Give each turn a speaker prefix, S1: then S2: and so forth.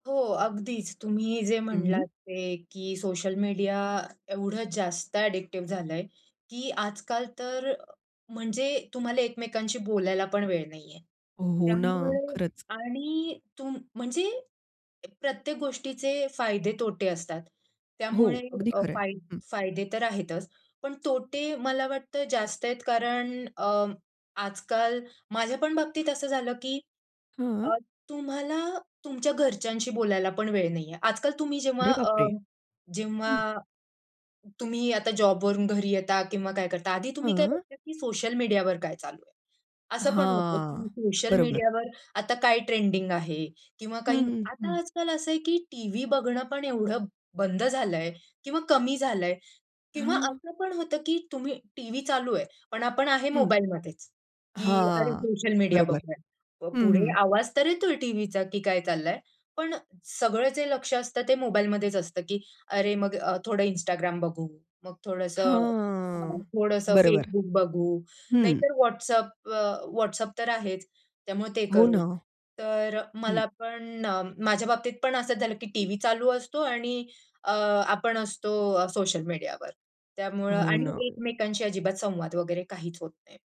S1: हो. अगदीच. तुम्ही जे
S2: हं, हं.
S1: म्हणलात ते, की सोशल मीडिया एवढं जास्त अडिक्टिव झालंय, की आज-काल तर म्हणजे तुम्हाला एकमेकांशी बोलायला पण वेळ नाही आहे.
S2: हो ना.
S1: त्यामुळे
S2: खरंच.
S1: आणि तुम म्हणजे प्रत्येक गोष्टीचे फायदे-तोटे असतात.
S2: हो.
S1: त्यामुळे
S2: अगदी
S1: अ,
S2: खरंय.
S1: फाय
S2: हं.
S1: फायदे तर आहेतच पण तोटे मला वाटतं जास्त आहेत. कारण अ, आज-काल माझ्या पण बाबतीत असं झालं, की
S2: हां.
S1: अ, तुम्हाला तुमच्या घरच्यांशी बोलायला पण वेळ नाहीये. आज-काल तुम्ही जेव्हा
S2: अरे
S1: अ,
S2: बापरे! हं.
S1: जेव्हा, तुम्ही आता जॉबवरून घरी येता किंवा काय करता आधी तुम्ही काय
S2: हां.
S1: बघता, की सोशल मीडियावर काय चालू आहे? असं पण होतं, की
S2: हां.
S1: सोशल
S2: बरोबर.
S1: मीडियावर आता काय ट्रेंडिंग आहे? किंवा
S2: हं,
S1: काही
S2: हं,
S1: आता
S2: हं.
S1: आज-काल असं आहे, की टीव्ही बघणं पण एवढं बंद झालंय किंवा कमी झालंय किंवा
S2: हां.
S1: असं पण होतं, की तुम्ही टीव्ही चालू आहे, पण आपण आहे
S2: हं.
S1: मोबाईलमध्येच, की "अरे
S2: हां.
S1: सोशल मीडिया
S2: बरोबर.
S1: बघूया."
S2: हं,
S1: पुढे
S2: हं.
S1: आवाज तर येतोय टीव्हीचा, की काय चाललंय. पण सगळं जे लक्ष असतं ते मोबाईलमध्येच असतं, की अरे, मग अ, थोडं Instagram बघू, मग थोडंसं हां.
S2: हां.
S1: थोडंसं
S2: बरोबर.
S1: Facebook बघू,
S2: हं.
S1: नाहीतर WhatsApp अ, WhatsApp तर आहेच. त्यामुळे ते
S2: हो
S1: करू.
S2: ना.
S1: तर
S2: हं.
S1: मला पण माझ्या बाबतीत पण असंच झालं, की टीव्ही चालू असतो आणि अ, आपण असतो अ, सोशल मीडियावर. त्यामुळं
S2: हो
S1: आणि
S2: ना.
S1: एकमेकांशी अजिबात संवाद वगैरे काहीच होत नाही.